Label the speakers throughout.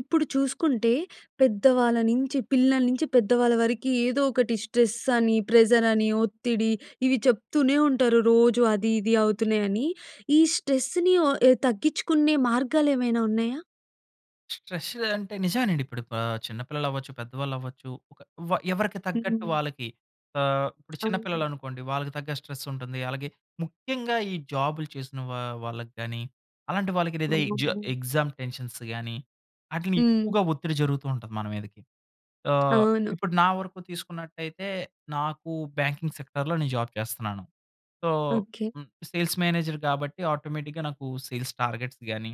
Speaker 1: ఇప్పుడు చూసుకుంటే, పెద్దవాళ్ళ నించి, పిల్లల నించి, పెద్దవాళ్ళ వరకి, ఏదో ఒకటి స్ట్రెస్ అని, ప్రెజర్ అని, ఒత్తిడి, ఇవి చెప్తూనే ఉంటారు. రోజూ అది, ఇది అవుతున్నాయని. ఈ స్ట్రెస్‌ని వొ ఎ తగ్గించుకునే మార్గాలేమైనా ఉన్నాయా?
Speaker 2: స్ట్రెస్ అంటే, నిజవేనండి. ఇప్పుడు ప చిన్న పిల్లలవ్వచ్చు, పెద్దవాళ్ళవ్వచ్చు. ఒక వ ఎవరికి తగ్గట్టు
Speaker 1: హ్మ్.
Speaker 2: వాళ్ళకి, ఆహ్, ఇప్పుడు చిన్న
Speaker 1: అవును.
Speaker 2: పిల్లలనుకోండి, వాళ్ళకి తగ్గ స్ట్రెస్సుంటుంది. అలాగే, ముఖ్యంగా ఈ జాబులు చేసిన వా వాళ్ళకి గానీ, అలాంటి వాళ్ళకి లేదా ఈ జ
Speaker 1: అవును.
Speaker 2: ఎగ్జామ్ టెన్షన్స్ గాని,
Speaker 1: హ్మ్.
Speaker 2: ఆటిలినెక్కువగా ఒత్తిడి జరుగుతూ ఉంటది మన మీదకి. ఆహ్,
Speaker 1: అవును.
Speaker 2: ఇప్పుడు నా వరకు తీసుకున్నట్టయితే, నాకు బ్యాంకింగ్ సెక్టార్‌లో, నేను జాబ్ చేస్తనాను. So,
Speaker 1: okay.
Speaker 2: Hmm. Sales manager కాబట్టి, ఆటోమేటిక్‌గా నాకు సేల్స్ టార్గెట్స్ గాని,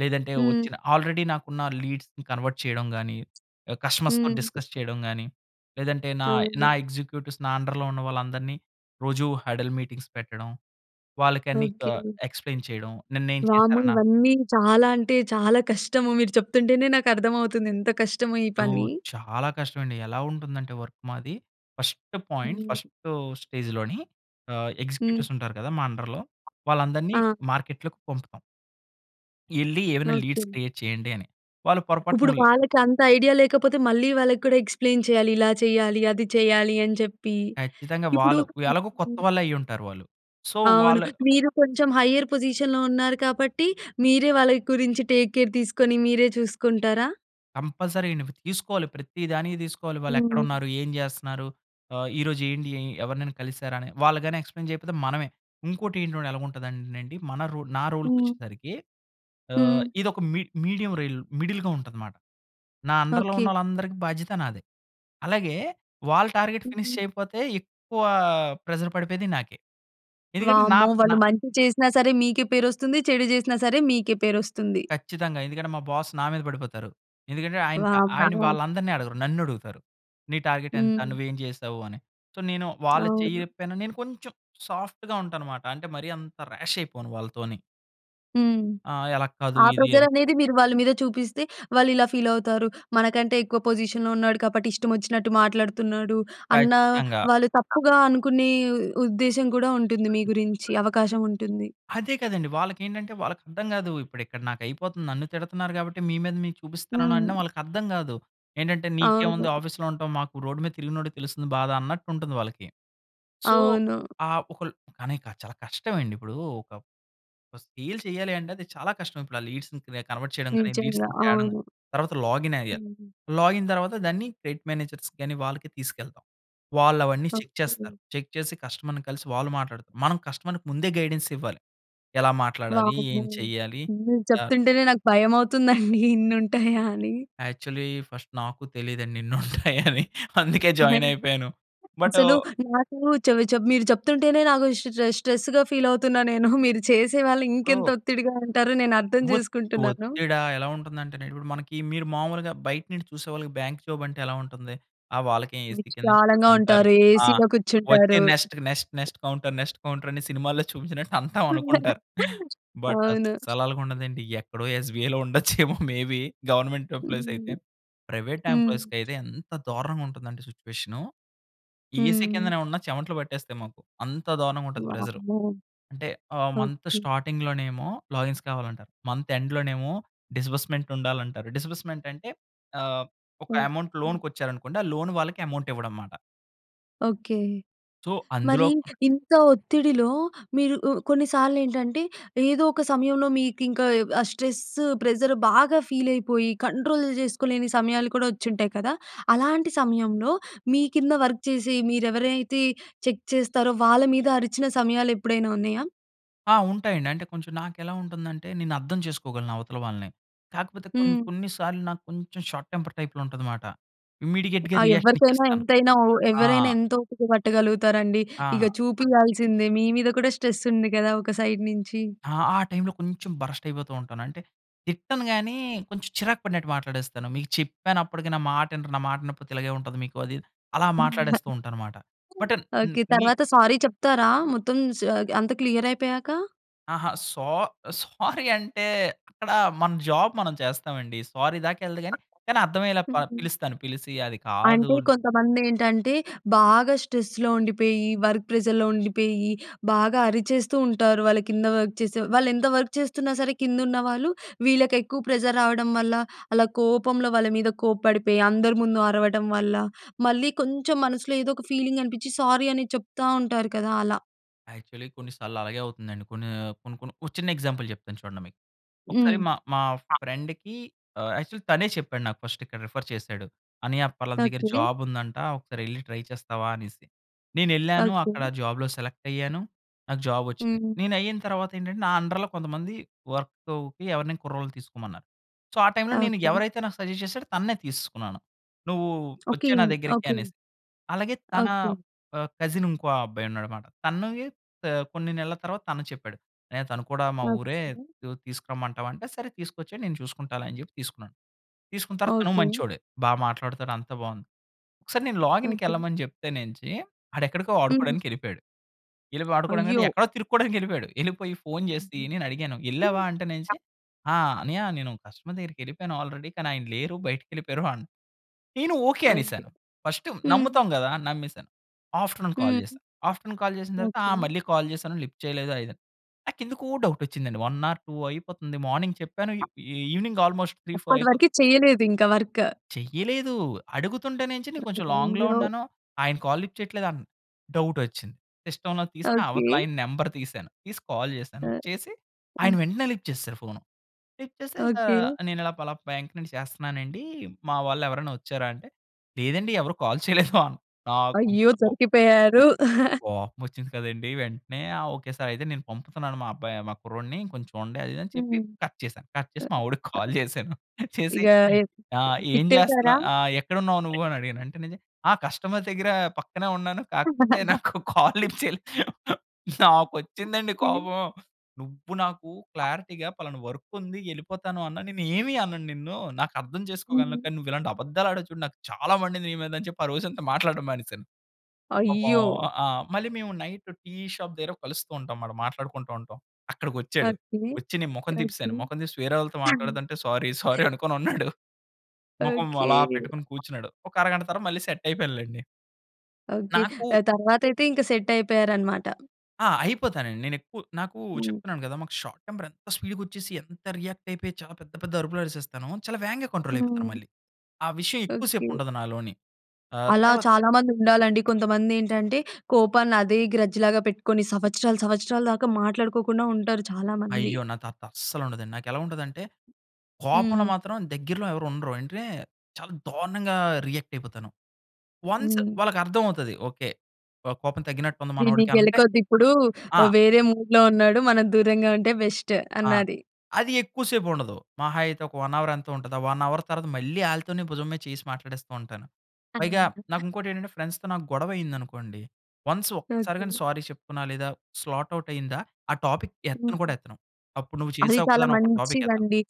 Speaker 2: లేదంటే
Speaker 1: హ్మ్.
Speaker 2: వచ్చిన ఆల్రెడీ నాకున్న లీడ్స్‌ని కన్వర్ట్ చేయడం గాని, ఎ కస్టమర్స్‌తో
Speaker 1: హ్మ్.
Speaker 2: డిస్కస్ చేయడం గాని, లేదంటే నాయ్ నా
Speaker 1: అవును.
Speaker 2: ఎగ్జిక్యూటివ్స్, నా అండర్‌లో ఉన్న వాళ్ళందరిని రోజూ హడల్ మీటింగ్స్ పెట్టడం, వాళ్ళకన్నీ క
Speaker 1: ఓకే.
Speaker 2: ఎక్స్‌ప్లెయిన్ చేయడం, నిన్నేం
Speaker 1: వామ్మో!
Speaker 2: చేసారన
Speaker 1: ఇవన్నీ, చాలా అంటే చాలా కష్టము. మీరు చెప్తుంటేనే నాకర్థమవుతుంది ఎంత కష్టమో ఈ
Speaker 2: యో,
Speaker 1: పని.
Speaker 2: చాలా కష్టవండి. ఎలా ఉంటుందంటే వర్క్ మాది, ఫస్టు పోయింట్
Speaker 1: హ్మ్.
Speaker 2: ఫస్టు స్టేజులోని ఆహ్,
Speaker 1: హ్మ్.
Speaker 2: ఎగ్జిక్యూటివ్సుంటారు కదా మా అండర్‌లో, వాళ్ళందరినీ
Speaker 1: ఆ!
Speaker 2: మార్కెట్‌ లోకి పంపుతాం. ఎళ్లి ఏమైనా లీడ్స్
Speaker 1: ఓకే.
Speaker 2: క్రియేట్ చేయండి అని. వాళ్ళు
Speaker 1: ఇప్పుడు
Speaker 2: పొరపాటుముల్
Speaker 1: వాళ్ళకంత ఐడియా లేకపోతే మళ్ళీ వాళ్ళకి కూడా ఎక్స్‌ప్లేన్ చేయాలి. ఇలా చేయాలి, అది చేయాలి అని చెప్పి.
Speaker 2: ఖచ్చితంగా
Speaker 1: ఇప్పుడు
Speaker 2: వాళ్ళు ఎలాగో కొత్తవాళ్ళే అయ్యుంటారు వాళ్ళు. సో.
Speaker 1: అవును.
Speaker 2: వాళ్ళ
Speaker 1: మీరు కొంచెం హయ్యర్ పొజిషన్‌లో ఉన్నారు కాబట్టి మీరే వాళ్ళ గురించి టేక్ కేర్ తీసుకొని, మీరే చూసుకుంటారా?
Speaker 2: కంపల్సరీ తీసుకోవాలి. ప్రతి దానికి తీసుకోవాలి.
Speaker 1: హ్మ్.
Speaker 2: వాళ్ళెక్కడున్నారు? ఏం చేస్తున్నారు? ఆహ్, ఈరోజు ఏండి? ఎవరినైనా కలిసారని. వాళ్ళుగాని ఎక్స్‌ప్లేన్ చేయకపోతే మనమే. ఇంకోటి ఏంటి ఎలాగుంటదంటేనండి మన రో నా రోల్‌కి
Speaker 1: హ్మ్.
Speaker 2: వచ్చేసరికి, ఆహ్,
Speaker 1: హ్మ్.
Speaker 2: ఇదొక మీ మీడియం రైల్ మిడిల్‌గా ఉంటదనమాట. నా అండర్‍లో
Speaker 1: ఓకే.
Speaker 2: ఉన్నోళ్ళందరికీ బాధ్యత నాదే. అలాగే వాళ్ళ టార్గెట్ ఫినిష్
Speaker 1: హ్మ్.
Speaker 2: చేయకపోతే ఎక్కువ ప్రెషర్ పడిపోయేది నాకే. ఎందుకంటే నా
Speaker 1: వామ్మో!
Speaker 2: నా
Speaker 1: వాళ్ళు మంచి చేసినా సరే మీకే పేరొస్తుంది. చెడు చేసినా సరే మీకే పేరొస్తుంది.
Speaker 2: ఖచ్చితంగా. ఎందుకంటే మా బాస్ నా మీద పడిపోతారు. ఎందుకంటే ఆయన, ఆయన
Speaker 1: వామ్మో!
Speaker 2: వాళ్ళందరిని అడగరు. నన్ను అడుగుతారు. నీ టార్గెట్ ఎంత?
Speaker 1: హ్మ్.
Speaker 2: నువ్వేం చేసావు అని. సో, నేను వాళ్ళ
Speaker 1: అవును.
Speaker 2: చెయ్యపోయిన నేను కొంచెం సాఫ్ట్‌గా ఉంటాన్నమాట. అంటే మరీ అంత రాష్ అయిపోను వాళ్ళతోని.
Speaker 1: హ్మ్.
Speaker 2: ఆహ్, అలా కాదు
Speaker 1: ఆ
Speaker 2: ఇది అది.
Speaker 1: ప్రెజరనేది మీరు వాళ్ళ మీద చూపిస్తే వాళ్ళు ఇలా ఫీల్ అవుతారు. "మనకంటే ఎక్కువ పొజిషన్‌లో ఉన్నాడు కాబట్టి ఇష్టమచ్చినట్టు మాట్లాడుతున్నాడు." అన్న
Speaker 2: ఖచ్చితంగా
Speaker 1: వాళ్ళు తప్పుగా అనుకునే ఉద్దేశం కూడా ఉంటుంది. మీ గురించి అవకాశం ఉంటుంది.
Speaker 2: అదే కదండీ వాళ్ళకేంటంటే వాళ్ళకర్థం కాదు. ఇప్పుడు ఇక్కడ నాకైపోతుంది, నన్ను తిడుతున్నారు కాబట్టి మీ మీద మీకు
Speaker 1: హ్మ్.
Speaker 2: చూపిస్తున్నానన్నా వాళ్ళకర్థం కాదు. ఏంటంటే నీకేముంది
Speaker 1: అవును.
Speaker 2: ఆఫీస్‌లో ఉంటాం. మాకు రోడ్డు మీద తిరిగినోడికి తెలుస్తుంది బాధ అన్నట్టుంటుంది వాళ్ళకి. సో,
Speaker 1: అవును.
Speaker 2: ఆ ఒకల్ కానీ చాలా కష్టమండిప్పుడు ఒక సేల్ చేయాలి అంటే అది చాలా కష్టం. ఇప్పుడు ఆ లీడ్స్‌ని కన్వర్ట్ చేయడం గాని, లీడ్స్
Speaker 1: నిజంగా
Speaker 2: తేవడం
Speaker 1: అవును.
Speaker 2: కాని, తర్వాత లాగిన్ అయ్యాలి.
Speaker 1: హ్మ్.
Speaker 2: లాగిన్ తర్వాత దాన్ని క్రెడిట్ మేనేజర్స్ కానీ వాళ్ళకి తీసుకెళ్తాం. వాళ్ళు అవన్నీ చెక్ చేస్తారు.
Speaker 1: ఓకే.
Speaker 2: చెక్ చేసి కస్టమర్‍ని కలిసి వాళ్ళు మాట్లాడుతారు. మనం కస్టమర్‍కి ముందే గైడెన్స్ ఇవ్వాలి ఎలా మాట్లాడాలి?
Speaker 1: వామ్మో!
Speaker 2: ఏం చెయ్యాలి?
Speaker 1: మీరు
Speaker 2: అ
Speaker 1: చెప్తుంటేనే నాకు భయమవుతుందండి ఇన్ని ఉంటాయా అని.
Speaker 2: యాక్చువల్లి ఫస్ట్ నాకు తెలీదండి ఇన్నుంటాయని. అందుకే
Speaker 1: ఓయ్
Speaker 2: జాయిన్ అయిపోయాను. బట్
Speaker 1: అసలు నాకు చెపు మీరు చెప్తుంటేనే నాకు స్ట్రె స్ట్రెస్‌గా ఫీల్ అవుతున్నానేను. మీరు చేసేవాళ్ళు ఇంకెంత
Speaker 2: ఇప్పుడు
Speaker 1: ఒత్తిడిగా ఉంటారో నేనర్థం
Speaker 2: ఒత్
Speaker 1: చేసుకుంటున్నాను.
Speaker 2: ఒత్తిడా ఎలా ఉంటుందంటే ఇప్పుడు మనకి మీరు మామూలుగా బయట నుంచి చూసే వాళ్ళకి బ్యాంక్ జాబ్ అంటే ఎలా ఉంటుంది. ఆ వాళ్ళకే ఏసీ కింద
Speaker 1: విశాలంగా
Speaker 2: కూర్చుంటారు.
Speaker 1: ఉంటారు.
Speaker 2: ఆ
Speaker 1: ఏసీలో
Speaker 2: వచ్చే
Speaker 1: కూర్చుంటారు.
Speaker 2: Next, next, next counter next counter అని సినిమాల్లో చూపించినట్టు అంతా అనుకుంటారు. బట్
Speaker 1: అవును.
Speaker 2: అసలలగుండదండి. ఎక్కడో ఎస్‌బీఐలో ఉండొచ్చేమో మేబీ గవర్నమెంట్ ఎంప్లాయీసైతే.
Speaker 1: హ్మ్.
Speaker 2: ప్రైవేట్
Speaker 1: హ్మ్.
Speaker 2: ఎంప్లాయీస్‍కైతే ఎంత దారుణంగా ఉంటుందంటే సిట్యుయేషన్ ఏసీ
Speaker 1: హ్మ్.
Speaker 2: కిందనే ఉన్న చెమటలు పట్టేస్తాయి మాకు. అంత దారుణంగా ఉంటది ప్రెషర్.
Speaker 1: వామ్మో!
Speaker 2: అంటే ఆ మంత్
Speaker 1: ఓకే.
Speaker 2: స్టార్టింగ్‌లో నేమో లాగిన్స్ కావాలంటారు. మంత్ ఎండ్‌ లోనేమో డిస్బర్స్‌మెంట్ ఉండాలంటారు. డిస్బర్స్‌మెంట్ అంటే ఆహ్, ఒక అమౌంట్
Speaker 1: ఓకే.
Speaker 2: లోన్‌కి వచ్చారనుకోండి, ఆ లోన్ వాళ్ళకి అమౌంట్ ఇవ్వడంమాట.
Speaker 1: ఓకే.
Speaker 2: సో,
Speaker 1: మరి
Speaker 2: అందులో
Speaker 1: ఇంత ఒత్తిడిలో మీరు ఉ కొన్నిసార్లు ఏంటంటే, ఏదో ఒక సమయంలో మీకింక ఆ స్ట్రెస్సు ప్రెజర్ బాగా ఫీలైపోయి, కంట్రోల్ చేసుకోలేని సమయాలు కూడా వచ్చింటాయి కదా! అలాంటి సమయంలో మీ కింద వర్క్ చేసి, మీరు ఎవరైతే చెక్ చేస్తారో, వాళ్ళ మీద అరిచిన సమయాలు ఎప్పుడైనా ఉన్నాయా?
Speaker 2: ఆ! ఉంటాయండి. అంటే కొంచెం నాకు ఎలా ఉంటుందంటే, నేను అర్థం చేసుకోగలను అవతల వాళ్ళని. కాకపోతే కొన్ని,
Speaker 1: హ్మ్.
Speaker 2: కొన్ని సార్లు నాకు కొంచెం షార్ట్ టెంపర్ టైప్‌లో ఉంటది మాట. ఇమ్మీడియేట్‌గా
Speaker 1: ఆ
Speaker 2: రియాక్షన్
Speaker 1: ఎవరికైనా,
Speaker 2: ఇచ్చేస్తాను.
Speaker 1: ఎంతైనా, ఒ
Speaker 2: ఆ!
Speaker 1: ఎవరైనా, ఎంత ఓపిక పట్టగలుగుతారండి. ఇక
Speaker 2: ఆ!
Speaker 1: చూపియాల్సిందే మీ మీద కూడా స్ట్రెస్ ఉంది కదా! ఒక సైడ్ నుంచి.
Speaker 2: ఆ! ఆ టైమ్‌లో కొంచెం బర్స్ట్ అయిపోతుంటాను. అంటే తిట్టను గాని, కొంచెం చిరాకు పడినట్టు మాట్లాడేస్తాను. మీకు చెప్పాను, అప్పటికి నా మాట ఇనరు, నా మాట ఇనకపోతే ఇలాగే ఉంటది మీకు. అది ఇద్ అలా
Speaker 1: ఆ!
Speaker 2: మాట్లాడేస్తుంటాను మాట. But and
Speaker 1: okay.
Speaker 2: మి
Speaker 1: తర్వాత సారీ చెప్తారా? మొత్తం సా అది అంత క్లియర్ అయిపోయాక?
Speaker 2: అహా, సో సోరి అంటే అక్కడ మన జాబ్ మనం చేస్తామండి. సోరి దాకా ఎల్లదు గాని, కానీ అర్థమయ్యేలా ప
Speaker 1: హుహు.
Speaker 2: పిలుస్తాను, పిలిసి అది కాదు
Speaker 1: అంటే, కొంతమంది ఏంటంటే, బాగా స్ట్రెస్‌లో ఉండిపోయి, వర్క్ ప్రెజర్‍లో ఉండిపోయి, బాగా అరిచేస్తుంటారు. వాళ్ళ కింద వర్క్ చేసే, వాళ్ళు ఎంత వర్క్ చేస్తున్నా సరే, కింద ఉన్న వాళ్ళు, వీళ్ళకి ఎక్కువ ప్రెజర్ రావడం వల్ల, అలా కోపంలో వాళ్ళ మీద కోప్పడిపోయి, అందరి ముందు అరవడం వల్ల, మళ్ళీ కొంచెం మనసులో ఏదో ఒక ఫీలింగ్ అనిపించి, సారీ అని చెప్తా ఉంటారు కదా! అలా.
Speaker 2: యాక్చువల్లీ కొన్ని సాల్లలాగే అవుతుందండి. కొన్నీ, కొన్ని కొన్ని ఓ చిన్న ఎగ్జాంపుల్ చెప్తాను చూడండి మీకు.
Speaker 1: హ్మ్.
Speaker 2: ఒకసారి మా, మా
Speaker 1: ఆ!
Speaker 2: ఫ్రెండ్‌కి, ఆహ్, యాక్చువల్ తనే చెప్పాడు నాకు, ఫస్ట్ ఇక్కడ రిఫర్ చేశాడు. "అన్నయ్య పలాన దగ్గర
Speaker 1: ఓకే.
Speaker 2: జాబుందంట. ఒకసారెళ్లి ట్రై చేస్తావా?" అనేసి. నేనెళ్ళాను. అక్కడ
Speaker 1: ఓకే.
Speaker 2: జాబ్‌లో సెలెక్టయ్యాను. నాకు జాబొచ్చింది.
Speaker 1: హ్మ్.
Speaker 2: నేనయ్యిన తర్వాతేంటంటే, నా అండర్‌లో కొంతమంది వర్కూకి ఎవరినైనా కుర్రోళ్ళని తీసుకోమన్నారు. సో, ఆ టైమ్‌లో నేను,
Speaker 1: ఓకే.
Speaker 2: ఎవరైతే నాకు సజెస్ట్ చేశాడో తననే తీసేసుకున్నాను. నువ్వు
Speaker 1: ఓకే.
Speaker 2: ఒచ్చేయి నా దగ్గరికి
Speaker 1: ఓకే.
Speaker 2: అనేసి. అలాగే తనా
Speaker 1: ఓకే.
Speaker 2: ఆహ్, కజినుంకో అబ్బాయి ఉన్నాడనమాట. తనవి త కొన్ని నెలల తర్వాత తను చెప్పాడు. అన్నయ్య తను కూడా మా ఊరే
Speaker 1: ఓకె.
Speaker 2: యు తీసుకురమ్మంటావా అంటే, సరే తీసుకొచ్చెయి, నేను చూసుకుంటాలే అని చెప్పి తీసుకున్నాను. తీసుకున్న తర్వాత తను
Speaker 1: ఓకే.
Speaker 2: మంచోడే. బా మాట్లాడుతాడు, అంతా బావుంది. ఒకసారి నేను
Speaker 1: ఓకే.
Speaker 2: లాగిన్‍‌కెళ్ళమని చెప్తేనేంచి, ఆడెక్కడికో
Speaker 1: హ్మ్.
Speaker 2: ఆడుకోడానికెళ్ళిపోయాడు. యెళ్ళిపో ఆడుకోడానికంటే,
Speaker 1: అయ్యో!
Speaker 2: ఎక్కడో తిరుక్కోడానికెళ్ళిపోయాడు. యెళ్ళిపోయి ఫోన్ జేసి, నేనడిగాను. "యెళ్ళావా అంటేనేంచి?" "ఆ! అన్నయ్య నేను కస్టమర్ దగ్గరికెళ్ళిపోయాను ఆల్రెడీ, కానీ ఆయన లేరు బయటికెళ్ళిపోయారు" అన్ నేను ఓకే
Speaker 1: అయ్యో!
Speaker 2: అనేశాను. ఫస్టు
Speaker 1: హ్మ్.
Speaker 2: నమ్ముతాం గదా అని నమ్మేశాను. ఆఫ్టర్‌నూన్ కాల్
Speaker 1: హ్మ్.
Speaker 2: చేశా. ఆఫ్టర్‌నూన్ కాల్ చేసిన తర్వాతా,
Speaker 1: ఓకే.
Speaker 2: ఆహ్, మళ్ళీ కాల్ చేశాను లిఫ్ట్ చెయలేదు అయిదన్ నాకెందుకో డౌటొచ్చిందండి. 1 ఆర్ 2 అయిపోతంది. మార్నింగ్ చెప్పాను. ఇ ఈ ఈవెనింగ్ ఆల్మోస్ట్ 3, 4 అయిపోత్
Speaker 1: అప్పటివరికి చెయ్యలేదు ఇంక వర్క్.
Speaker 2: చెయ్యలేదూ. అడుగుతుంటనేంచి నే కొంచెం లాంగ్‌లో
Speaker 1: అయ్యో!
Speaker 2: ఉన్నాను. ఆయన కాల్ లిఫ్ట్ చెయట్లేదు అన్ డౌటొచ్చింది. సిస్టమ్‌లో తీసి
Speaker 1: ఓకే.
Speaker 2: అవతలాయన నంబర్ తీశాను. తీసి కాల్ చేశాను.
Speaker 1: ఆ!
Speaker 2: చేసి, ఆయన
Speaker 1: హ్మ్.
Speaker 2: వెంటనే లిఫ్ట్ చేసేశారు ఫోను. లిఫ్ట్ చేస్తే సా
Speaker 1: ఓకే.
Speaker 2: "నేనిలా పలాప్ బ్యాంక్ నుండి చేస్తన్నానండీ, మా వాళ్ళెవరైనా ఒచ్చారా?" అంటే, లేదండి. ఎవరు కాల్ చేయలేదో. నాకు
Speaker 1: అయ్యో!
Speaker 2: బొ
Speaker 1: దొరికిపోయారు.
Speaker 2: కోపమొచ్చింది కదండీ. వెంటనే "ఆ! Okay sir. అయితే, నేను పంపుతున్నాను మా అబ్బాయి మా కుర్రోడిని, కొంచూడండి" అది ఇది అని చెప్పి
Speaker 1: హ్మ్.
Speaker 2: కట్ చేశా. కట్ చేసి, మావోడికి కాల్ చేశాను. చేసి,
Speaker 1: ఇగా ఎ
Speaker 2: "ఆ! ఏం చేస్తన్నా
Speaker 1: తిట్టేశారా?
Speaker 2: ఆహ్, ఎక్కడున్నావు నువ్వు" అని అడిగాను. అంటే నేజె "ఆ! కస్టమర్ దగ్గరా పక్కనే ఉన్నాను. కాకపోతే నాకు కాల్ లిఫ్ట్ చేయలేదు." నాకొచ్చిందండి
Speaker 1: హ్మ్.
Speaker 2: కోపం. నువ్వు నాకు క్లారిటీగా పలానా వర్కుంది, యెళ్ళిపోతాను అన్నా నేను ఏమీ అనను నిన్ను, నాకు అర్థం చేసుకోగలను,
Speaker 1: హ్మ్.
Speaker 2: కానీ నువ్విలాంటి అబద్దాలాడావు చూడు, నాకు చాలా మండింది నీ మీద అని చెప్పి, ఆ రోజంతా మాట్లాడడం మానేశాను. పాపం
Speaker 1: అయ్యో!
Speaker 2: ఆ! మళ్ళీ మేము నైట్ టీ షాప్ దగ్గర కలుస్తూ ఉంటాంమాట. మాట్లాడుకుంటా ఉంటాం. అక్కడకొచ్చాడు.
Speaker 1: ఓకే.
Speaker 2: ఒచ్చి నేను మొఖం
Speaker 1: ఓకే.
Speaker 2: తిప్పేశాను. మొఖం తీసి వేరే వాళ్ళతో మాట్లాడతంటే, సారీ, సారీ అనుకోనున్నాడు. మొఖం
Speaker 1: ఓకే.
Speaker 2: అలా పెట్టుకొని కూర్చున్నాడు. ఒక అరగంట తర్వాత మళ్ళీ సెట్టయిపోయానులేండి.
Speaker 1: ఓకే.
Speaker 2: నాకు
Speaker 1: దాని తర్వాతయితే ఇంక సెట్టయిపోయారనమాట.
Speaker 2: ఆ! అయిపోతానండి. నేను ఎక్కువ నాకు
Speaker 1: హ్మ్.
Speaker 2: చెప్తున్నాను కదా! మాకు షార్ట్ టెంపర్ ఎంత స్పీడ్‌గా వచ్చేసి, ఎంత రియాక్ట్ అయిపోయి చాలా పెద్ద, పెద్ద అరుపులు అరిసేస్తాను. చాలా వేగంగా కంట్రోల్ అయిపోతాను
Speaker 1: హ్మ్.
Speaker 2: మళ్ళీ. ఆ విషయం ఎక్కువ
Speaker 1: ఓకె.
Speaker 2: సేపు ఉండదు నాలోని. ఆ!
Speaker 1: అలా
Speaker 2: తర్వాత
Speaker 1: చాలామంది ఉండాలండి. కొంతమంది ఏంటంటే కోపాన్ని అదే గ్రడ్జ్ లాగా పెట్టుకొని సంవత్సరాలు, సంవత్సరాలు దాకా మాట్లాడుకోకుండా ఉంటారు చాలామంది.
Speaker 2: అయ్యో! నా తాత అస్సలు ఉండదండి. నాకు ఎలా ఉంటదంటే, కోపంలో
Speaker 1: హ్మ్.
Speaker 2: మాత్రం దగ్గరలో ఎవరు ఉండరు. ఏంటే చాలా దారుణంగా రియాక్ట్ అయిపోతాను. వన్స్
Speaker 1: హ్మ్.
Speaker 2: వాళ్ళకి అర్థం అవుతది. ఓకె, కొ కోపం తగ్గినట్టు ఉంది
Speaker 1: వీడిని
Speaker 2: మనోడికి అంటే
Speaker 1: గెలకొద్దిప్పుడూ.
Speaker 2: ఆ!
Speaker 1: ఆహ్, వేరే మూడ్‌లో ఉన్నాడు. మనం దూరంగా ఉంటే బెస్ట్
Speaker 2: ఆ!
Speaker 1: అన్నది.
Speaker 2: అది ఎక్కువ సేపు ఉండదు. మహా అయితే ఒక 1 హౌర్ ఎంతో ఉంటది. ఆ 1 హౌర్ తర్వాత మళ్ళీ ఆళ్ళతోనే భుజం మీద చేయ్యేసి మాట్లాడేస్తూ ఉంటాను. పైగా
Speaker 1: అన్నారు.
Speaker 2: నాకు ఇంకోటి ఏంటంటే, ఫ్రెండ్స్‌తో నాకు గొడవ అయింది అనుకోండి, వన్స్ ఒక్కసారి గాని
Speaker 1: ఓకె.
Speaker 2: సారీ చెప్పుతున్నా లేదా, స్లాట్ ఔట్ అయిందా, ఆ టాపిక్ ఎత్తను
Speaker 1: హుహు.
Speaker 2: కూడా ఎత్తను. అప్పుడు నువ్వు
Speaker 1: అది
Speaker 2: చేసావు కదా!
Speaker 1: చాలా
Speaker 2: అనోక టాపిక్ ఎత్తను.
Speaker 1: మంచిదండి.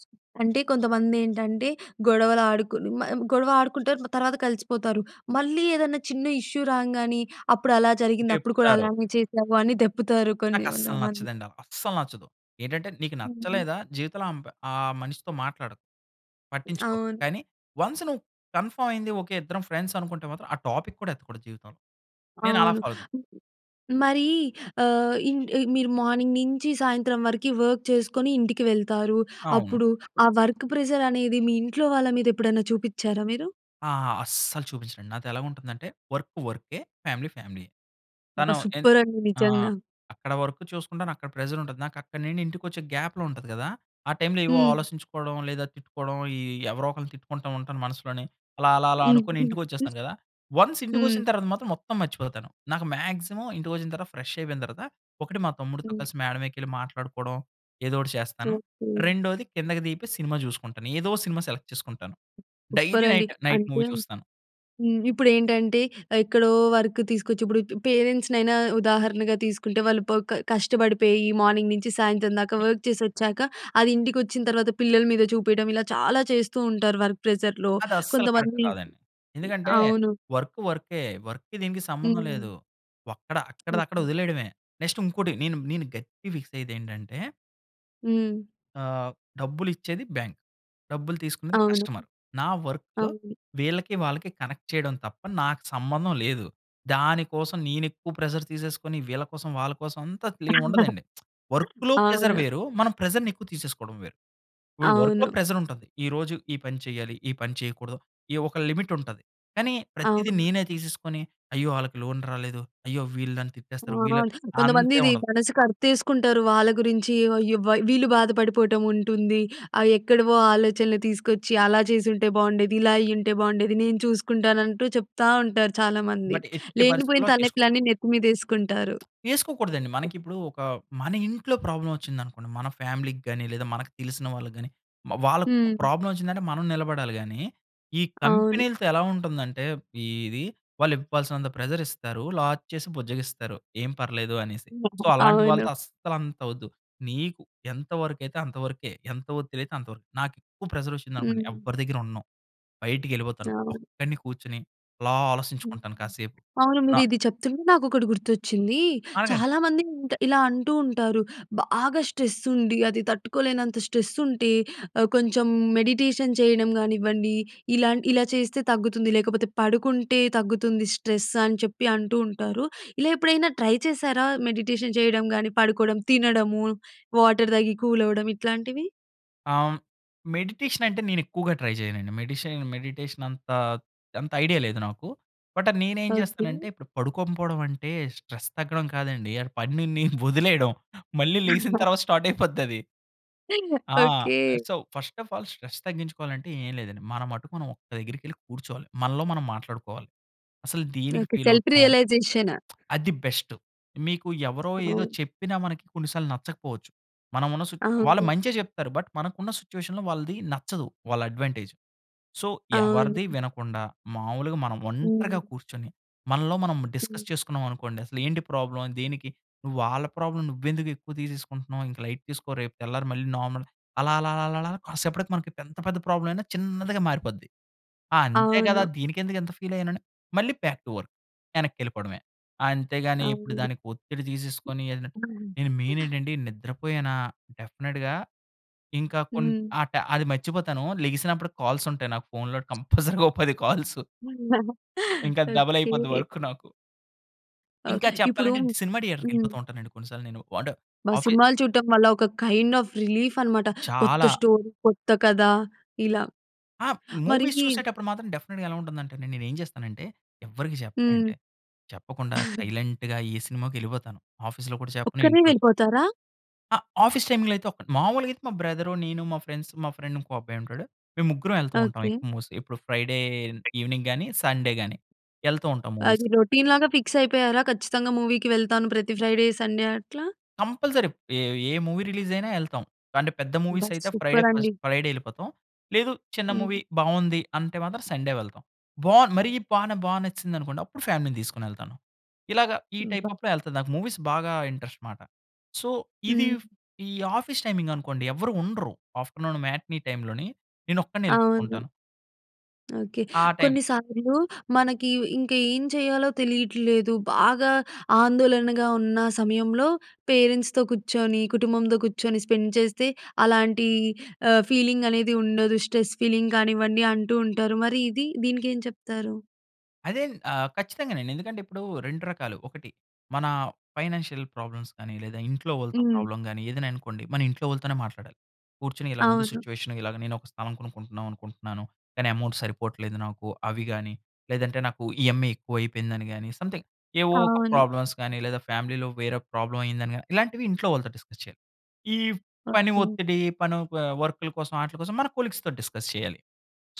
Speaker 1: అంటే కొంతమంది ఏంటంటే, గొడవలు ఆడుకు, ను మనం గొడవ ఆడుకుంటారు. మ తర్వాత కలిసిపోతారు. మళ్ళీ ఏదన్నా చిన్న ఇష్యూ రాంగానే అప్పుడు అలా జరిగింది. అప్పుడు కూడా
Speaker 2: దెప్పుతారు.
Speaker 1: అలానే చేసావు అని దెప్పుతారు కొన్ని వంద
Speaker 2: నాకస్సలు
Speaker 1: కొంతమంది
Speaker 2: నచ్చదండి. అస్సలు నచ్చదు. ఏంటంటే, నీకు
Speaker 1: హుహుహు.
Speaker 2: నచ్చలేదా జీవితంలో అంపై ఆ మనిషితో మాట్లాడకు, పట్టించుకోకు.
Speaker 1: అవును.
Speaker 2: కానీ వన్స్ నువ్వు కన్ఫర్మ్ అయింది. ఓకె, ఇద్దరం ఫ్రెండ్స్ అనుకుంటే మాత్రం, ఆ టాపిక్ కూడా ఎత్తకూడదు జీవితంలో. నేనలా
Speaker 1: అవును.
Speaker 2: ఫాలో అవుతాను.
Speaker 1: మరీ ఆహ్, ఇన్ ఈ మీరు మార్నింగ్ నించి, సాయంత్రం వరకి వర్క్ చేసుకొని ఇంటికి వెళ్తారు.
Speaker 2: అవును.
Speaker 1: అప్పుడు ఆ వర్క్ ప్రెషర్ అనేది మీ ఇంట్లో వాళ్ళ మీద ఎప్పుడైనా చూపిచారా మీరు?
Speaker 2: ఆ! అస్సలు చూపించనండి. నాతో ఎలా ఉంటుందంటే వర్క్ వర్కే, ఫ్యామిలీ ఫ్యామిలీయే.
Speaker 1: అబ్బా!
Speaker 2: తను ఏంది
Speaker 1: సూపర్ అండి
Speaker 2: ఆహ్,
Speaker 1: నిజంగా.
Speaker 2: అక్కడ వర్క్ చూసుకుంటాను, అక్కడ ప్రెషర్ ఉంటది. నాకు అక్కడ నుండి ఇంటికొచ్చే గ్యాప్‌లో ఉంటుంది కదా! ఆ టైమ్‌లో ఏవో
Speaker 1: హ్మ్.
Speaker 2: ఆలోచించుకోవడం, లేదా తిట్టుకోవడం ఈ ఎవరో ఒకరిని తిట్టుకుంటూ ఉంటాను మనసులోనే. అలా, అలా, అలా అనుకోని ఇంటికొచ్చేస్తాను కదా! వన్స్
Speaker 1: హ్మ్.
Speaker 2: ఇంటికొచ్చిన తర్వాత మాత్రం మొత్తం మర్చిపోతాను. నాకు మ్యాక్సిమమ్ ఇంటికొచ్చిన తర్వాత ఫ్రెష్ అయిపోయిన తర్వాత, ఒకటి మా తమ్ముడితో
Speaker 1: హ్మ్.
Speaker 2: కలిసి మేడమేకేళ్ళి మాట్లాడుకోవడం, ఏదో ఒకటి చేస్తాను.
Speaker 1: ఓకే.
Speaker 2: రెండోది కిందకి దిగిపోయి, సినిమా జూసుకుంటాను. ఏదో ఒక సినిమా సెలెక్ట్ చేసుకుంటాను.
Speaker 1: సూపర్
Speaker 2: డైలీ
Speaker 1: అండి.
Speaker 2: నైట్ నైట్
Speaker 1: అంటే
Speaker 2: మూవీ చూస్తాను.
Speaker 1: హ్మ్. ఇప్పుడు ఏంటంటే ఆహ్, ఎక్కడో వర్క్ తీసుకొచ్చి ఇప్పుడు పేరెంట్స్‌నైనా ఉదాహరణగా తీసుకుంటే, వాళ్ళు ప క కష్టపడిపోయి మార్నింగ్ నుంచి సాయంత్రం దాకా వర్క్ చేసి వచ్చాక, అది ఇంటికి వచ్చిన తర్వాత పిల్లల మీద చూపియడం ఇలా చాలా చేస్తూ ఉంటారు, వర్క్ ప్రెషర్‌లో
Speaker 2: అది అస్సలు కరెక్ట్
Speaker 1: కొంతమంది.
Speaker 2: కాదండి. ఎందుకంటే,
Speaker 1: అవును.
Speaker 2: వర్క్ వర్కే వర్క్‌కి దీనికి సంబంధం
Speaker 1: హ్మ్.
Speaker 2: లేదు. వక్కడ అక్కడది అక్కడ
Speaker 1: ఓకె.
Speaker 2: వదిలేయడమే. నెక్స్ట్ ఇంకోటి నేను, నేను గట్టిగా ఫిక్స్ అయ్యేది ఏంటంటే...
Speaker 1: హ్మ్.
Speaker 2: ఆహ్, డబ్బులు ఇచ్చేది బ్యాంక్, డబ్బులు తీసుకునేది
Speaker 1: అవును.
Speaker 2: కస్టమర్. నా వర్కు
Speaker 1: అవును.
Speaker 2: వీళ్ళకి, వాళ్ళకి కనెక్ట్ చేయడం తప్ప నాకు సంబంధం లేదు. దానికోసం నేను ఎక్కువ ప్రెషర్ తీసేసుకొని, వీళ్ళ కోసం వాళ్ళ కోసం అంతా అసలేం ఉండదండి. వర్క్‌లో ప్రెషర్
Speaker 1: అవును.
Speaker 2: వేరు, మనం ప్రెషర్‌ని ఎక్కువ తీసేసుకోవడం వేరు. ఇప్పుడు వర్క్‌లో
Speaker 1: అవును.
Speaker 2: ప్రెషర్ ఉంటది. ఈరోజు ఈ పని చేయాలి. ఈ పని చేయకూడదు. ఈ ఒక లిమిట్ ఉంటది. కానీ, ప్రతీది
Speaker 1: అవును.
Speaker 2: నేనే తీసేసుకొని, అయ్యో! వాళ్ళకి లోన్ రాలేదు. అయ్యో! వీళ్ళు నన్ను
Speaker 1: ఆ!
Speaker 2: తిట్టేస్తారు, వీళ్ళు
Speaker 1: కొంతమంది
Speaker 2: అంతేమేం
Speaker 1: ఇది
Speaker 2: ఉండదు.
Speaker 1: మనసుకు అర్తేసుకుంటారు. వాళ్ళ గురించి వ అయ్యో! వ వీళ్ళు బాధపడిపోవటం ఉంటుంది. ఆ ఎక్కడివో ఆలోచనలు తీసుకొచ్చి అలా చేసుంటే బాగుండేది, ఇలా అయ్యుంటే బాగుండేది. నేను చూసుకుంటాను అంటూ చెప్తా ఉంటారు చాలామంది.
Speaker 2: బట్, ఎట్టి
Speaker 1: లేనిపోయిన
Speaker 2: పరిస్థితుల్లో తీసుకోకూడదు.
Speaker 1: తలనొప్పులన్నీ నెత్తి మీద యేసుకుంటారు.
Speaker 2: యేసుకోకూడదండి. మనకి ఇప్పుడు ఒక మన ఇంట్లో ప్రాబ్లమ్ వచ్చిందనుకోండి, మన ఫ్యామిలీకి గాని, లేదా మనకు తెలిసిన వాళ్ళకి గాని, మ వాళ్ళకి
Speaker 1: హ్మ్.
Speaker 2: ప్రాబ్లమ్ వచ్చిందంటే మనం నిలబడాలి గానీ, ఈ
Speaker 1: అవును.
Speaker 2: కంపెనీలతో ఎలా ఉంటుందంటే, ఇది వాళ్ళు ఇవ్వాల్సినంత ప్రెషర్ ఇస్తారు. లాస్ చేసి బుజ్జగిస్తారు. ఏం పర్లేదు అనేసి. సో, అలాంటి
Speaker 1: అవును.
Speaker 2: వాళ్ళతో అస్సలు అంత వద్దు. నీకు ఎంతవరకైతే అంతవరకే, ఎంత వదిలతే అంతవరకే, నాకు ఎక్కువ ప్రెషర్ వచ్చిందనుకోండి
Speaker 1: హ్మ్.
Speaker 2: ఎవ్వరి దగ్గర ఉండను. బయటికేళ్ళిపోతాను.
Speaker 1: అవును.
Speaker 2: ఒక్కడిని కూర్చొని, అలా
Speaker 1: హ్మ్.
Speaker 2: ఆలోచించుకుంటాను కాసేపు.
Speaker 1: అవును.
Speaker 2: నా
Speaker 1: మీరు ఇది చెప్తుంటే నాకు ఒకటి గుర్తొచ్చింది.
Speaker 2: అడగండి.
Speaker 1: చాలామంది ఎంట ఇలా అంటూ ఉంటారు. బాగా స్ట్రెస్ ఉండి, అది తట్టుకోలేనంత స్ట్రెస్ ఉంటే ఆహ్, కొంచెం మెడిటేషన్ చేయడం కానివ్వండి, ఇలా ఇలా చేస్తే తగ్గుతుంది, లేకపోతే పడుకుంటే తగ్గుతుంది. స్ట్రెస్ అని చెప్పి అంటూ ఉంటారు. ఇలా ఎప్పుడైనా ట్రై చేశారా మెడిటేషన్ చేయడం, గాని పడుకోవడం, తినడము, వాటర్ తాగి కూల్ అవ్వడం ఇట్లాంటివి?
Speaker 2: ఆహ్, హ్మ్, మెడిటేషన్ అంటే నేనేక్కువగా ట్రై చేయనండి మెడిషన్ మెడిటేషన్ అంత అంత ఐడియా లేదు నాకు. బట్, నేనేం
Speaker 1: ఓకే.
Speaker 2: చేస్తానంటే ఇప్పుడు పడుకోంకపోవడం అంటే, స్ట్రెస్ తగ్గడం కాదండి. ఆ పనిని వదిలేయడం. మళ్ళీ లెగిసిన తర్వాత స్టార్ట్ అయిపోద్దది. ఆ!
Speaker 1: Okay.
Speaker 2: Ah, so, first of all stress తగ్గించుకోవాలంటే ఏమి లేదండి. మన మటుకు మనం ఒక్క దగ్గరికెళ్ళి కూర్చోవాలి. మనలో మనం మాట్లాడుకోవాలి. అసలు దేనికి
Speaker 1: ఓకే.
Speaker 2: ఫీల్
Speaker 1: సెల్ఫ్
Speaker 2: అవుతున్నాం
Speaker 1: రియలైజేషన్.
Speaker 2: అది బెస్టు మీకు ఎవరో, ఏదో
Speaker 1: అవును.
Speaker 2: చెప్పిన మనకి కొన్ని సార్లు నచ్చకపోవచ్చు. మనం ఉన్న సుచ్
Speaker 1: ఆ!
Speaker 2: వాళ్ళు
Speaker 1: అవును.
Speaker 2: మంచే చెప్తారు బట్, మనకు ఉన్న సిట్యుయేషన్‌లో వాళ్ళది నచ్చదు. వాళ్ళ అడ్వాంటేజ్. సో,
Speaker 1: అవును.
Speaker 2: ఎవరిది వినకుండా, మామూలుగా మనం ఒంటరిగా
Speaker 1: హ్మ్.
Speaker 2: కూర్చొని, మనలో మనం
Speaker 1: హ్మ్.
Speaker 2: డిస్కస్ చేసుకున్నాం అనుకోండి అసలు, ఏంటి ప్రాబ్లమ్, దేనికి నువ్వు వాళ్ళ ప్రాబ్లమ్ నువ్వెందుకు ఎక్కువ తీసేసుకుంటున్నావు, ఇంక లైట్ తీసుకో రేపు తెల్లారి మళ్ళీ నార్మల్ అలా, అలా, అలా, అలా, అలా కాసేపటికి మనకు ఎంత పెద్ద ప్రాబ్లమయినా చిన్నదిగా మారిపోద్ది. ఆ! అంతే కదా!
Speaker 1: అవును.
Speaker 2: దీనికెందుకు ఇంత ఫీల్ అయ్యానని, మళ్ళీ బ్యాక్ టు వర్క్ వెనక్కి వెళ్ళిపోవడమే. అంతేగాని ఇప్పుడు
Speaker 1: అవును.
Speaker 2: దానికి ఒత్తిడి తీసేసుకొని, ఎదన నేను
Speaker 1: హుహు.
Speaker 2: మెయిన్ ఏంటండి నిద్రపోయానా డెఫినిట్‌గా ఇంకా కొన్ని
Speaker 1: హ్మ్.
Speaker 2: ఆ టై అది మర్చిపోతాను లెగిసినప్పుడు కాల్స్ ఉంటాయి. నాకు ఫోన్‌లో కంపల్సరీగా ఓ 10 కాల్సు. ఇంక డబల్ అయిపోద్ది
Speaker 1: ఓకే.
Speaker 2: వర్క్ నాకు.
Speaker 1: ఆ!
Speaker 2: ఇంకా
Speaker 1: ఇప్పుడూ
Speaker 2: చెప్పాలంటే అండి, సినిమా
Speaker 1: హ్మ్.
Speaker 2: డియేటర్‌కెళిపోతూ ఉంటానండి కొన్నిసార్లు నేను. అంటే
Speaker 1: అబ్బ!
Speaker 2: ఆఫీ
Speaker 1: సినిమాలు చూడటం వల్ల ఒక కైండ్ ఆఫ్ రిలీఫ్ అనమాట. కొత్త
Speaker 2: చాలా.
Speaker 1: స్టోరీ, కొత్త కథ ఇలా.
Speaker 2: ఆ!
Speaker 1: మరీ
Speaker 2: మూవీస్ చూసేటప్పుడు మాత్రం డెఫినిట్‌గా ఎలా ఉంటుందంటే, నేనేం చేస్తానంటే, ఎవ్వరికీ
Speaker 1: హ్మ్.
Speaker 2: చెప్పనండి. చెప్పకుండా సైలెంట్‌గా ఏ సినిమాకో ఎళిపోతాను. ఆఫీస్‌లో కూడా చెప్పను,
Speaker 1: ఒక్కరే
Speaker 2: ఇంట్లోను.
Speaker 1: వెళిపోతారా?
Speaker 2: ఆ! ఆఫీస్ టైంలో అయితే ఒకటి. మాములుగా అయితే, మా బ్రదరు, నీను, మా ఫ్రెండ్స్ మా ఫ్రెండ్ ఇంకో అబ్బాయుంటాడు. మేం ముగ్గురం ఎళ్తూ ఉంటాం
Speaker 1: ఓకే.
Speaker 2: ఎక్కువ మూవీస్‌కి. ఇప్పుడు ఫ్రైడే ఈవెనింగ్ గాని, సండే గాని, ఎళ్తో ఉంటాం
Speaker 1: అది
Speaker 2: మూవీస్‌కి.
Speaker 1: రొటీన్ లాగా ఫిక్సయిపోయారా? ఖచ్చితంగా మూవీకి వెళ్తాను ప్రతి ఫ్రైడే, సండే అట్లా.
Speaker 2: కంపల్సరీ. ఏ ఏ మూవీ రిలీజయినా ఎళ్తాం. అంటే, పెద్ద
Speaker 1: అబ్బ!
Speaker 2: మూవీసయితే, ఫ్రైడే
Speaker 1: సూపరండి.
Speaker 2: ఫస్ట్ ఫ్రైడే ఎళ్ళిపోతాం. లేదు, చిన్న
Speaker 1: హ్మ్.
Speaker 2: మూవీ బావుంది. అంటే మాత్రం, సండే వెళ్తాం. బావుంది, మరీ బానే బా నచ్చిసిందనుకోండి, అప్పుడు ఫ్యామిలీ‌ని తీసుకొనెళ్తాను. ఇలాగ ఈ టైప్
Speaker 1: అబ్బ!
Speaker 2: అప్‌లో ఎళ్తాను. నాకు మూవీస్ బాగా ఇంట్రెస్ట్ మాట. సో, ఇది
Speaker 1: హ్మ్.
Speaker 2: ఫ్ ఈ ఆఫీస్ టైమింగనుకోండి, ఎవ్వరూ ఉండరు. ఆఫ్టర్నూను మ్యాట్‌నీ టైంలోని, నేనొక్కడినే
Speaker 1: అవును.
Speaker 2: ఎళ్ళిపోతుంటాను.
Speaker 1: ఓకే.
Speaker 2: ఆ టైం
Speaker 1: కొన్నిసార్లు మనకి ఇ ఇంక ఏం చేయాలో తెలియట్లేదు. బాగా ఆందోళనగా ఉన్నా సమయంలో, పేరెంట్స్‌తో కుచ్చోని, కుటుంబంతో కుచ్చోని స్పెండ్ చేస్తే అలాంటి ఆహ్, ఫీలింగనేది ఉండదు. స్ట్రెస్ ఫీలింగ్ కానివ్వండి అంటూ ఉంటారు. మరి ఇది? దీనికేం చెప్తారు?
Speaker 2: అదేన్ ఆహ్, ఖచ్చితంగానండి. ఎందుకంటే, ఇప్పుడూ 2 రకాలు. ఒకటి మనా ఫైనాన్షియల్ ప్రాబ్లమ్స్ కానీ, లేదా ఇంట్లో ఓళ్ళతో
Speaker 1: హ్మ్.
Speaker 2: ప్రాబ్లమ్ గానీ, ఏదైనా అనుకోండి. మన ఇంట్లో వాళ్ళుతోనే మాట్లాడాలి. కూర్చొని ఇలా ఉంది
Speaker 1: అవును.
Speaker 2: సిచ్యువేషను. ఇలాగ నేనొక స్థలం కొనుక్కుంటన్నావనుకుంటున్నాను, కానీ ఎమౌంట్ సరిపోవట్లేదు నాకు. అవి గానీ, లేదంటే నాకు ఈఎంఐ ఎక్కువయిపోయిందని గానీ, సంథింగ్ ఏవో ఒక
Speaker 1: అవును.
Speaker 2: ప్రాబ్లమ్స్ గానీ, లేదా ఫ్యామిలీలో వేరే ఒక ప్రాబ్లమయిందని గానీ, ఇలాంటివి ఇంట్లో వాళ్ళతో డిస్కస్ చెయాలి. ఈవ్ పని
Speaker 1: ఓకే.
Speaker 2: ఒత్తిడి పనౌ ప వర్కుల కోసం, ఆటిలి కోసం మన కొలీగ్స్‌తో డిస్కస్ చెయ్యాలి.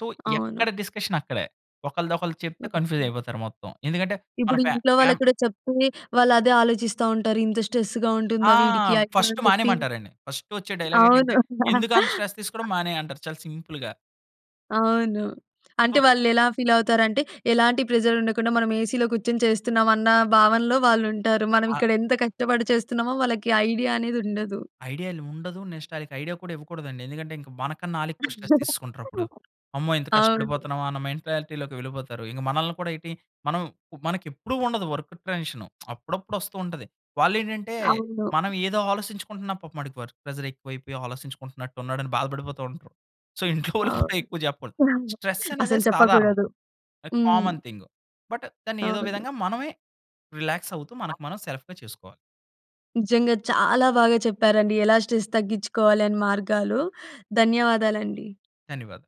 Speaker 2: సో,
Speaker 1: అవును.
Speaker 2: ఎక్కడ డిస్కషనక్కడే. ఒకళ్ళది ఒకళ్ళకు చెప్తే
Speaker 1: ఓకే.
Speaker 2: కన్‌ఫ్యూజయిపోతారు మొత్తం. ఎందుకంటే, మన
Speaker 1: ఇప్పుడు
Speaker 2: ఫ్యా
Speaker 1: ఇంట్లో వాళ్ళకి
Speaker 2: ఫ్యామ్
Speaker 1: కూడా చెప్తే, వాళ్ళు అదే ఆలోచిస్తా ఉంటారు. ఇంత స్ట్రెస్సుగా
Speaker 2: ఆ!
Speaker 1: ఉంటుందా వీడికి? అయ్యో!
Speaker 2: ఫస్ట్
Speaker 1: అని చెప్పి
Speaker 2: మానెయమంటారండి. ఫస్ట్ ఒచ్చే
Speaker 1: అవును.
Speaker 2: డైలాగేంటంటే, ఎందుకంత స్ట్రెస్ తీసుకోడం మానేయంటారు, చాలా సింపుల్‌గా.
Speaker 1: అవును. అంటే,
Speaker 2: సో
Speaker 1: వాళ్ళెలా ఫీలతారంటే, ఎలాంటి ప్రెజరుండకుండా, మనం ఏసీలో కూచ్చొని చేస్తున్నామన్నా భావనలో వాళ్ళుంటారు. మనం
Speaker 2: ఆ!
Speaker 1: ఇక్కడ ఎంత కష్టపడి చేస్తున్నామో వాళ్ళకి ఐడియా అనేదుండదు.
Speaker 2: ఐడియాలు ఉండదు. నెక్స్ట్ ఆళ్ళకి ఐడియా కూడా ఇవ్వకూడదండి. ఎందుకంటే, ఇంక మనకన్నా ఆళ్ళెక్కువ స్ట్రెస్ తీసేసుకుంటరప్పుడు. అమ్మో! ఇంత
Speaker 1: అవును.
Speaker 2: కష్టపడిపోతన్నామా అన్న మెంటాలిటీలోకి వెళ్ళిపోతారు. ఇంక మనల్ని కూడా ఏటి మనం ప్ మనకెప్పుడు ఉండదు వర్కు టెన్షను. అప్పుడప్పుడొస్తూ ఉంటది. వాళ్ళేంటంటే,
Speaker 1: అవును.
Speaker 2: మనం ఏదో ఆలోసించుకుంటున్నాం, పాపం ఆడికి వర్క్ ప్రెజరెక్కువైపోయి ఆలోసించుకుంటున్నట్టున్నాడని బాధపడిపోతా ఉంటారు. సో, ఇంట్లో వోళ్ళుకు కూడా
Speaker 1: అవును.
Speaker 2: ఎక్కువ చెప్పకూడదు. స్ట్రెస్సనేది
Speaker 1: అసలు
Speaker 2: సాధారణం.
Speaker 1: చెప్పకూడదు.
Speaker 2: ఆహ్,
Speaker 1: హ్మ్.
Speaker 2: కామన్ థింగు, బట్ దాన్ని ఏదో
Speaker 1: అవును.
Speaker 2: విధంగా మనమే రిలాక్సవుతూ, మనకి మనం సెల్ఫ్‌గా చేసుకోవాలి.
Speaker 1: నిజంగా చాలా బాగా చెప్పారండి. ఎలా స్ట్రెస్ తగ్గించ్చుకోవాలి అని మార్గాలు. ధన్యవాదాలండి.
Speaker 2: ధన్యవాదాలు.